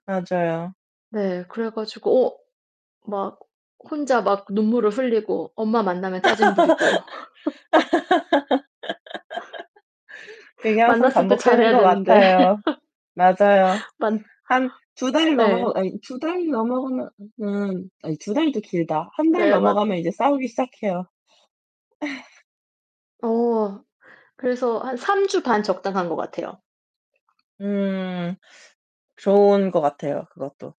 맞아요. 네, 그래 가지고 어 막 혼자 막 눈물을 흘리고 엄마 만나면 짜증 부리고. 그게 항상 만났을 때 반복되는 잘해야 것 되는데. 같아요. 맞아요. 만 한 2 달 예. 넘어 아니 2 달 넘어가면 은 아니 2 달도 길다. 1 달 네, 맞아 넘어가면 이제 싸우기 시작해요. 어 그래서 한 3 주 반 적당한 것 같아요. 음 좋은 것 같아요, 그것도.